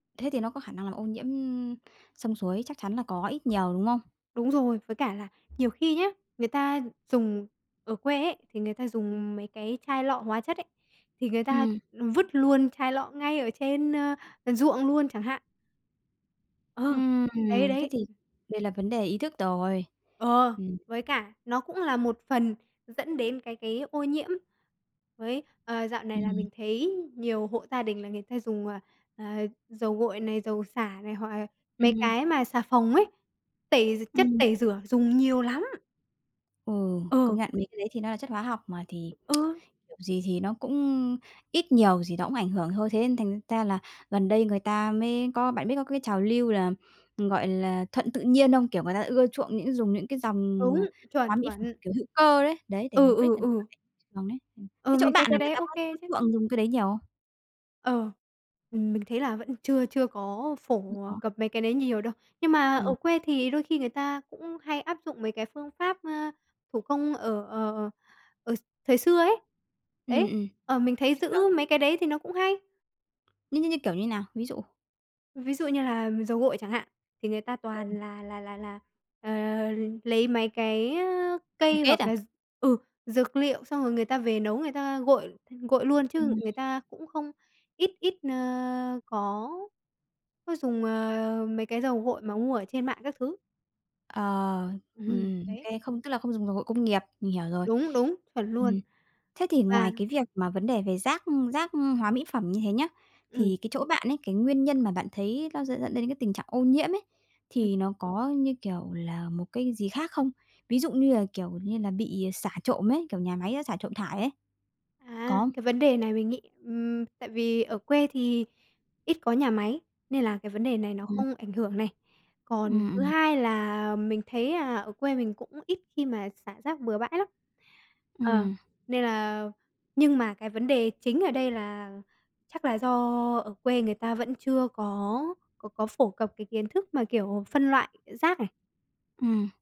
Thế thì nó có khả năng làm ô nhiễm, ưm, sông suối, chắc chắn là có ít nhiều, đúng không? Đúng rồi. Với cả là nhiều khi nhá, người ta dùng ở quê ấy, thì người ta dùng mấy cái chai lọ hóa chất ấy, thì người ta, Ừm. ừm, vứt luôn chai lọ ngay ở trên, ơ, ờ, ruộng luôn chẳng hạn. Ờ, Ừm, đấy, thế đấy. thì đây là vấn đề ý thức rồi. Ờ, Ừm. với cả nó cũng là một phần dẫn đến cái cái ô nhiễm với, ờ, dạo này là Ừm. mình thấy nhiều hộ gia đình là người ta dùng, ờ, ờ, dầu gội này, dầu xả này hoặc, à, mấy Ừm. cái mà xà phòng ấy, tẩy gi chất Ừm. tẩy rửa dùng nhiều lắm. Ừ, công Ừ. nhận mấy cái đấy thì nó là chất hóa học mà, thì Ừ. kiểu gì thì nó cũng ít nhiều gì nó cũng ảnh hưởng thôi. Thế nên thành ra là gần đây người ta mới có bạn biết có cái trào lưu là, ừm, gọi là, thuận tự nhiên không? Kiểu, người ta ưa chuộng những dùng những cái dòng, Đúng, ờ, chuẩn, hóa mỹ phẩm, chuẩn. kiểu, hữu cơ đấy. Đấy, để Ừ, mục đích ừ, là để ừ. [unintelligible] trường đấy. Ừm, Ờ, thế chỗ mình thấy bạn cái là người đấy ta có OK có chứ. chuộng dùng cái đấy nhiều không? Ờ, ừm, mình thấy là vẫn chưa chưa có Không phổ, ờ, có. cập mấy cái đấy nhiều đâu. Nhưng mà ở Ừm. quê thì đôi khi người ta cũng hay áp dụng mấy cái phương pháp, ơ, thủ công ở ờ, ờ, ở x thời xưa ấy. Ừm Đấy, ừm, ờ, mình thấy như giữ kiểu nào? mấy cái đấy thì nó cũng hay. Như như như kiểu như nào? Ví dụ. Ví dụ như là dầu gội chẳng hạn, thì người ta toàn [unintelligible] là là là là, ờ, lấy mấy cái, ơ, Bồ cây, kết hoặc à? là d ừ, dược liệu xong rồi người ta về nấu người ta gội gội luôn, chứ Ừm. người ta cũng không ít ít, ơ, có có dùng, ờ, mấy cái dầu gội mà mua ở trên mạng các thứ. Ờ, Ừm, ừm, đấy. OK, không tức là không dùng dầu gội công nghiệp, mình hiểu rồi. Đúng, đúng, chuẩn luôn. Ừm, thế thì Và ngoài cái việc mà vấn đề về rác, ưm, rác, ưm, hóa mỹ phẩm như thế nhá, Ừm. thì cái chỗ bạn ấy, cái nguyên nhân mà bạn thấy nó sẽ dẫn đến cái tình trạng ô nhiễm ấy, Ừm. thì nó có, như kiểu là, một cái gì khác không? Ví dụ như là, kiểu như, là bị, ờ, xả trộm ấy, kiểu, nhà máy nó xả trộm thải ấy. À, Có không? cái vấn đề này mình nghĩ, ừm, tại vì ở quê thì ít có nhà máy, nên là cái vấn đề này nó Ừm. không ảnh hưởng này. Còn Ừm, thứ ừm. hai là mình thấy, à, ở quê mình cũng ít khi mà xả rác bừa bãi lắm. Ờ, Ừm. nên là nhưng mà cái vấn đề chính ở đây là chắc là do ở quê người ta vẫn chưa có có có phổ cập cái kiến thức mà, kiểu, phân loại rác này. Ừm.